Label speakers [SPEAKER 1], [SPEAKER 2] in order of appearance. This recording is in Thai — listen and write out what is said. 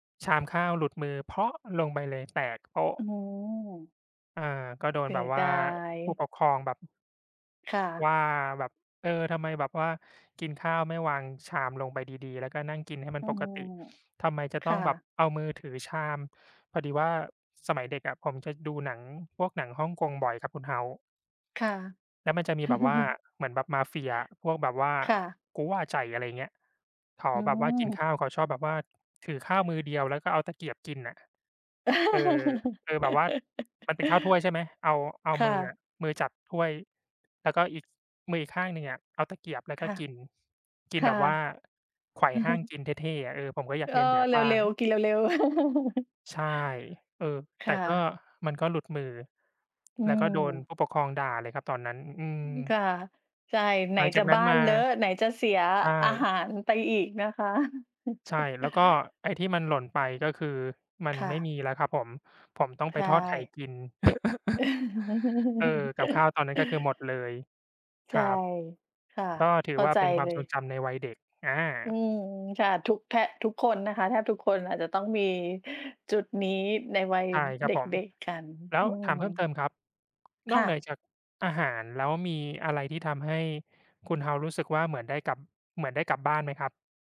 [SPEAKER 1] ชามข้าวหลุดมือ ลงไปเลย แตกโป๊ะ
[SPEAKER 2] อ๋อ
[SPEAKER 1] เออ ก็โด
[SPEAKER 2] เ
[SPEAKER 1] น
[SPEAKER 2] สี
[SPEAKER 1] แบ
[SPEAKER 2] ย
[SPEAKER 1] บว
[SPEAKER 2] ด
[SPEAKER 1] ่า
[SPEAKER 2] าย
[SPEAKER 1] ผู้ปกครองแบบ
[SPEAKER 2] ค่ะ
[SPEAKER 1] ว่าแบบ "เออ ทำไมแบบว่ากินข้าวไม่วางชามลงไปดี ๆ แล้วก็นั่งกินให้มั
[SPEAKER 2] อ
[SPEAKER 1] น
[SPEAKER 2] ื
[SPEAKER 1] ปก
[SPEAKER 2] ม
[SPEAKER 1] ติ ทำไมจะ
[SPEAKER 2] ค
[SPEAKER 1] ต้อ
[SPEAKER 2] ่
[SPEAKER 1] งแบบ
[SPEAKER 2] ะ
[SPEAKER 1] เอามือถือชาม?" พอดีว่าสมัยเด็กอะ ผมจะดูหนังพวกหนังฮ่องกงบ่อยครับคุณ House
[SPEAKER 2] ค่ะ
[SPEAKER 1] แล้วมันจะมีแบบว่าเหมือนแบบมาเฟียอะ พวกแบบว่า
[SPEAKER 2] ค่ะ
[SPEAKER 1] กู๋หว่าไจ๋ อะไรเงี้ย เขา
[SPEAKER 2] อื
[SPEAKER 1] แบบว่ากิ
[SPEAKER 2] ม
[SPEAKER 1] นข้าว เขาชอบแบบว่า ถือข้าวมือเดียว แล้วก็เอาตะเกียบกินน่ะ เออ เออ แบบว่ามันเป็นข้าวถ้วยใช่ไหม เอา เอา
[SPEAKER 2] ค่
[SPEAKER 1] มืออ
[SPEAKER 2] ะ
[SPEAKER 1] ะ มือจับถ้วย แล้วก็อีก มืออีกข้างหนึ่งอะเอาตะเกียบแล้ว
[SPEAKER 2] ค
[SPEAKER 1] ก็
[SPEAKER 2] ่ะ
[SPEAKER 1] กิน กิ
[SPEAKER 2] ค
[SPEAKER 1] น
[SPEAKER 2] ่
[SPEAKER 1] แ
[SPEAKER 2] ะ
[SPEAKER 1] บบว่าไขว่
[SPEAKER 2] อือ
[SPEAKER 1] ห้
[SPEAKER 2] ฮึ
[SPEAKER 1] าง กินเท่ ๆ อะ เออ ผมก็อยา
[SPEAKER 2] เอ
[SPEAKER 1] กเ
[SPEAKER 2] อ
[SPEAKER 1] ลียนแบบ
[SPEAKER 2] เ
[SPEAKER 1] บ้า
[SPEAKER 2] ร็
[SPEAKER 1] ง
[SPEAKER 2] ว ๆ กินเร็ว ๆ
[SPEAKER 1] ใช่ เออ
[SPEAKER 2] ค
[SPEAKER 1] แต่
[SPEAKER 2] ่
[SPEAKER 1] ก็
[SPEAKER 2] ะ
[SPEAKER 1] มันก็หลุดมือ
[SPEAKER 2] อื
[SPEAKER 1] แล้วก็โดน
[SPEAKER 2] ม
[SPEAKER 1] ผู้ปกครองด่าเลยครับตอนนั้น อื
[SPEAKER 2] อือ ค
[SPEAKER 1] ม
[SPEAKER 2] ่ะ ใช่ ไหน
[SPEAKER 1] หลังจ
[SPEAKER 2] จะ
[SPEAKER 1] ากนั
[SPEAKER 2] บ
[SPEAKER 1] ้
[SPEAKER 2] ้
[SPEAKER 1] น
[SPEAKER 2] า
[SPEAKER 1] ม
[SPEAKER 2] น
[SPEAKER 1] า
[SPEAKER 2] เลอะ ไหนจะเสีย
[SPEAKER 1] ใช่
[SPEAKER 2] อาหารไปอีกนะคะ
[SPEAKER 1] ใช่ แล้วก็ไอ้ที่มันหล่นไป ก็คือมัน
[SPEAKER 2] ค่
[SPEAKER 1] ไม่
[SPEAKER 2] ะ
[SPEAKER 1] มีแล้วครับผม ผมต้อง
[SPEAKER 2] ใช
[SPEAKER 1] ไปทอดไข่
[SPEAKER 2] ่
[SPEAKER 1] กิน เออ กับข้าวตอนนั้นก็คือหมดเลย
[SPEAKER 2] ใ
[SPEAKER 1] ค
[SPEAKER 2] ช
[SPEAKER 1] ร
[SPEAKER 2] ่
[SPEAKER 1] ับ
[SPEAKER 2] ค่ะ
[SPEAKER 1] ก็ถื
[SPEAKER 2] เ
[SPEAKER 1] อ
[SPEAKER 2] ข้า
[SPEAKER 1] ว่า
[SPEAKER 2] ใจ
[SPEAKER 1] เป็นควา
[SPEAKER 2] เล
[SPEAKER 1] มทร
[SPEAKER 2] ย
[SPEAKER 1] งจำในวัยเด็ก อ
[SPEAKER 2] อื
[SPEAKER 1] า
[SPEAKER 2] ม ค่ะ ทุกแทะ ทุกคนนะคะ แทบทุกคนอาจจะต้องมีจุดนี้ในวัย
[SPEAKER 1] ใช่ครั
[SPEAKER 2] เด
[SPEAKER 1] บผม
[SPEAKER 2] ็ก ๆ กัน
[SPEAKER 1] แล้
[SPEAKER 2] อื
[SPEAKER 1] วถ
[SPEAKER 2] ม
[SPEAKER 1] ามเพิ่มเติมครับ
[SPEAKER 2] ค
[SPEAKER 1] นอ
[SPEAKER 2] ่
[SPEAKER 1] กเหนือ
[SPEAKER 2] ะ
[SPEAKER 1] จากอาหารแล้ว มีอะไรที่ทำให้คุณ House รู้สึกว่าเหมือนได้กลับ เหมือนได้กลับบ้านไหมครับ?